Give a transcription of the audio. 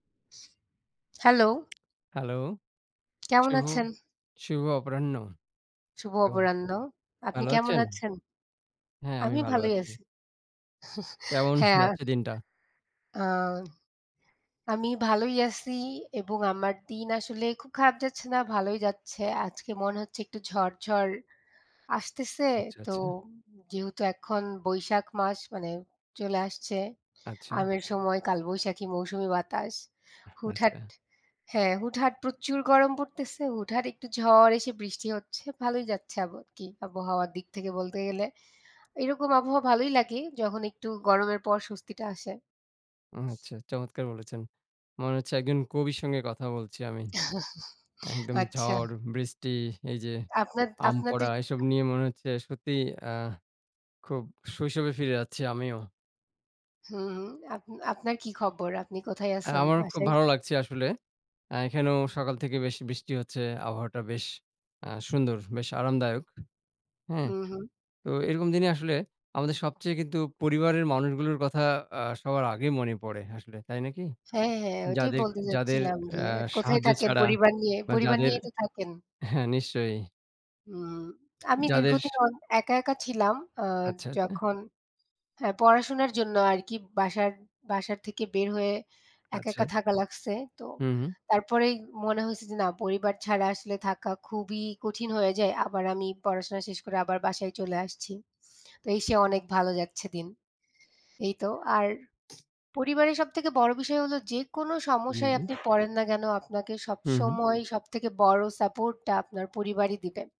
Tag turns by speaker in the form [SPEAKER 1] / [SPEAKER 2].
[SPEAKER 1] Hello।
[SPEAKER 2] Hello,
[SPEAKER 1] কেমন
[SPEAKER 2] শুভ
[SPEAKER 1] আছেন?
[SPEAKER 2] শুভ অপরাহ্ন।
[SPEAKER 1] শুভ
[SPEAKER 2] কেমন,
[SPEAKER 1] অপরাহ্ন। আপনি
[SPEAKER 2] ভালো
[SPEAKER 1] কেমন
[SPEAKER 2] আছেন?
[SPEAKER 1] আছেন?
[SPEAKER 2] হ্যাঁ, আমি
[SPEAKER 1] আমি
[SPEAKER 2] ভালো
[SPEAKER 1] ভালোই
[SPEAKER 2] আছি।
[SPEAKER 1] আছি।
[SPEAKER 2] কেমন
[SPEAKER 1] হ্যাঁ।
[SPEAKER 2] যাচ্ছে দিনটা?
[SPEAKER 1] আ আমি ভালোই আছি এবং আমার দিন আসলে খুব খারাপ যাচ্ছে না, ভালোই যাচ্ছে। আজকে মনে হচ্ছে একটু ঝড়, ঝড় আসতেছে।
[SPEAKER 2] আচ্ছা,
[SPEAKER 1] তো
[SPEAKER 2] আচ্ছা।
[SPEAKER 1] যেহেতু এখন বৈশাখ মাস, মানে চলে আসছে,
[SPEAKER 2] আচ্ছা।
[SPEAKER 1] আমের সময় কালবৈশাখী মৌসুমি বাতাস। হুটহাট
[SPEAKER 2] আচ্ছা।
[SPEAKER 1] হ্যাঁ, হুটহাট প্রচুর গরম পড়তেছে, হুটহাট একটু ঝড় এসে বৃষ্টি হচ্ছে, ভালোই যাচ্ছে আব কি আবহাওয়া দিক থেকে বলতে গেলে। এরকম আবহাওয়া ভালোই লাগে যখন একটু গরমের পর স্বস্তিটা আসে।
[SPEAKER 2] আচ্ছা, চমৎকার বলেছেন। মনে হচ্ছে একজন কবির সঙ্গে কথা বলছি আমি। একদম
[SPEAKER 1] আচ্ছা।
[SPEAKER 2] ঝড়, বৃষ্টি, এই যে
[SPEAKER 1] আপনা
[SPEAKER 2] আম
[SPEAKER 1] আপনাদের।
[SPEAKER 2] পড়া, এসব নিয়ে মনে হচ্ছে সত্যিই আ খুব শৈশবে ফিরে যাচ্ছি আমিও।
[SPEAKER 1] হুম, হুম, আপ আপনার কি খবর? আপনি কোথায়
[SPEAKER 2] অ্যা
[SPEAKER 1] আছেন,
[SPEAKER 2] আমারও খুব
[SPEAKER 1] বাসায়?
[SPEAKER 2] ভালো লাগছে আসলে। অ্যা এখানেও সকাল থেকে বেশ বৃষ্টি হচ্ছে, আবহাওয়াটা বেশ আ সুন্দর, বেশ আরামদায়ক। হ্যাঁ,
[SPEAKER 1] উম হুম।
[SPEAKER 2] তো এরকম দিনে আসলে আমাদের সবচেয়ে কিন্তু পরিবারের মানুষগুলোর কথা অ্যা সবার আগে মনে পড়ে আসলে, তাই নাকি?
[SPEAKER 1] হ্যাঁ, হ্যাঁ, ওইটাই
[SPEAKER 2] যাদের,
[SPEAKER 1] বলতে
[SPEAKER 2] যাদের
[SPEAKER 1] যাচ্ছিলাম যে
[SPEAKER 2] অ্যা
[SPEAKER 1] কোথায়
[SPEAKER 2] সাহায্য
[SPEAKER 1] থাকেন
[SPEAKER 2] ছাড়া
[SPEAKER 1] পরিবার নিয়ে?
[SPEAKER 2] বা
[SPEAKER 1] পরিবার
[SPEAKER 2] যাদের
[SPEAKER 1] নিয়েই তো থাকেন?
[SPEAKER 2] হ্যাঁ, নিশ্চয়ই।
[SPEAKER 1] হুম, আমি
[SPEAKER 2] যাদের
[SPEAKER 1] দীর্ঘদিন অন একা, একা ছিলাম, আ
[SPEAKER 2] আচ্ছা, আচ্ছা।
[SPEAKER 1] যখন, হ্যাঁ পড়াশোনার জন্য আর কি বাসার, বাসার থেকে বের হয়ে একা,
[SPEAKER 2] আচ্ছা।
[SPEAKER 1] একা থাকা লাগছে। তো
[SPEAKER 2] হুম, হুম।
[SPEAKER 1] তারপরেই মনে হয়েছে যে, না পরিবার ছাড়া আসলে থাকা খুবই কঠিন হয়ে যায়। আবার আমি পড়াশোনা শেষ করে আবার বাসায় চলে আসছি। তো এসে অনেক ভালো যাচ্ছে দিন। এই তো, আর পরিবারের সবথেকে বড় বিষয় হলো যেকোনো
[SPEAKER 2] জি,
[SPEAKER 1] সমস্যায়
[SPEAKER 2] জি।
[SPEAKER 1] আপনি পড়েন না, কেন আপনাকে সব
[SPEAKER 2] হুম, হুম।
[SPEAKER 1] সময় সব থেকে বড় support টা আপনার পরিবারই দিবে।